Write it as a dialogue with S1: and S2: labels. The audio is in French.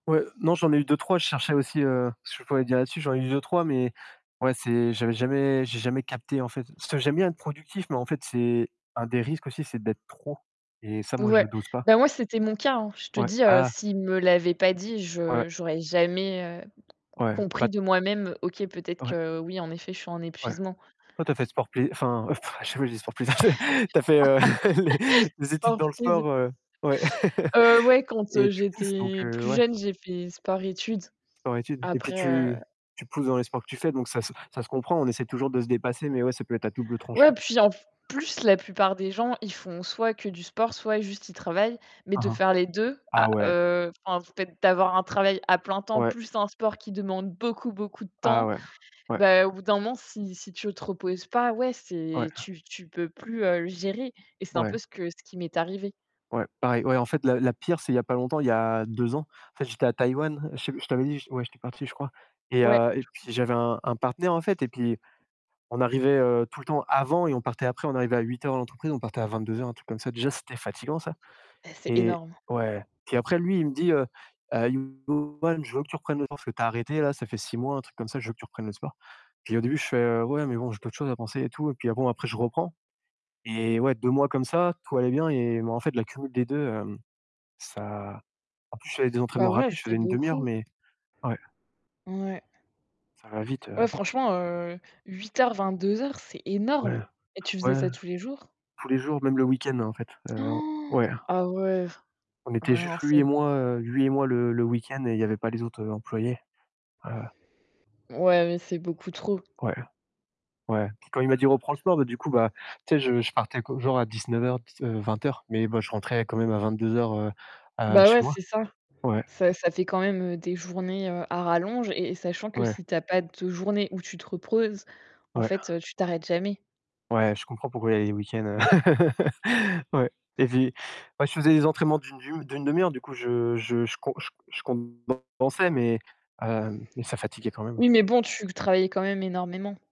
S1: Ouais, non, j'en ai eu 2-3, je cherchais aussi, heu, ce que je pourrais dire là-dessus. J'en ai eu 2-3, mais ouais c'est j'avais jamais j'ai jamais capté en fait. Parce que j'aime bien être productif, mais en fait c'est un des risques aussi, c'est d'être trop et ça moi je
S2: Ouais.
S1: le dose pas.
S2: Bah, moi, c'était mon cas, hein. Je te
S1: Ouais.
S2: dis, heu,
S1: Ah!
S2: s'ils me l'avaient pas dit,
S1: Ouais.
S2: je j'aurais jamais, heu,
S1: Ouais. Bah
S2: compris de moi-même, OK, peut-être
S1: Ouais.
S2: que oui, en effet, je suis en
S1: Ouais.
S2: épuisement.
S1: Toi tu as fait sport plai enfin, heu, pff, à chaque fois je dis sport plaisir c'est tu as fait, heu, les les études
S2: Sport
S1: dans le
S2: plaisir.
S1: sport, heu ouais
S2: Heu, ouais, quand, heu,
S1: et tu pousses donc
S2: j'étais
S1: heu,
S2: plus
S1: ouais.
S2: jeune, j'ai fait sport-études,
S1: Sport-études et puis
S2: après, heu
S1: tu tu pousses dans les sports que tu fais, donc ça se ça se comprend. On essaie toujours de se dépasser, mais ouais, ça peut être à double
S2: Ouais,
S1: tranchant.
S2: puis en f plus, la plupart des gens, ils font soit que du sport, soit juste ils travaillent mais de
S1: Mmh mh.
S2: faire les 2 à
S1: Ah ouais.
S2: heu, enfin, en fait d'avoir un travail à plein temps
S1: Ouais.
S2: plus un sport qui demande beaucoup, beaucoup de
S1: Ah
S2: temps,
S1: ouais, ouais.
S2: bah, au bout d'un moment, si si tu te reposes pas, ouais, c'est
S1: Ouais.
S2: tu tu peux plus, heu, gérer et c'est un
S1: Ouais.
S2: peu ce que ce qui m'est arrivé.
S1: Ouais pareil, ouais. En fait la la pire c'est il y a pas longtemps, il y a 2 ans, en fait, j'étais à Taïwan, je te je t'avais dit, je ouais, j'étais parti, je crois et
S2: Ouais.
S1: heu, et puis j'avais un un partenaire en fait et puis on arrivait, heu, tout le temps avant et on partait après. On arrivait à 8:00 à l'entreprise, on partait à 22:00, un truc comme ça. Déjà c'était fatiguant ça
S2: Bah, c'est
S1: et
S2: énorme.
S1: ouais, puis après lui, il me dit, heu: «Heu, [unintelligible] Ben, je veux que tu reprennes le sport, parce que t'as arrêté là, ça fait 6 mois, un truc comme ça. Je veux que tu reprennes le sport». Puis au début je fais: «Heu, ouais mais bon, j'ai d'autres choses à penser et tout» et puis bon après je reprends et ouais, 2 mois comme ça, tout allait bien et bon en fait l'accumulation des 2, hem, ça en plus je faisais des
S2: Bah,
S1: entraînements
S2: ouais,
S1: rapides, je
S2: c'est
S1: faisais 1/2 heure,
S2: beaucoup.
S1: mais ouais.
S2: Mouais.
S1: Ça va vite, heu
S2: Ouais, franchement, heu, 8:00-22:00, c'est énorme
S1: Ouais,
S2: et tu faisais
S1: ouais.
S2: ça tous les jours?
S1: Tous les jours, même le week-end en fait, heu, ouais.
S2: Ah ouais.
S1: On
S2: Ah,
S1: était
S2: ouais
S1: juste
S2: non
S1: lui
S2: c'est
S1: et
S2: b
S1: moi, heu, lui et moi le le week-end et il y avait pas les autres, heu, employés. Heu
S2: Ouais, mais c'est beaucoup trop.
S1: Ouais. Ouais, quand il m'a dit: «Reprend le sport», bah, du coup bah, tu sais je je partais que genre à 19:00, dix heu, 20:00, mais bah, je rentrais quand même à 22:00, heu, heu,
S2: Bah
S1: chez
S2: ouais,
S1: moi.
S2: c'est ça.
S1: Ouais.
S2: Ça ça fait quand même, heu, des journées, heu, à rallonge et et sachant que
S1: Ouais.
S2: si t'as pas de journée où tu te reposes, en
S1: Ouais.
S2: fait, heu, tu t'arrêtes jamais.
S1: Ouais, je comprends pourquoi il y a les week-ends, heu ouais et puis moi je faisais des entraînements d'une d'une d'1/2 heure, du coup je je je com je je compensais mais heu, mais ça fatiguait quand même.
S2: Oui, mais bon, tu travaillais quand même énormément.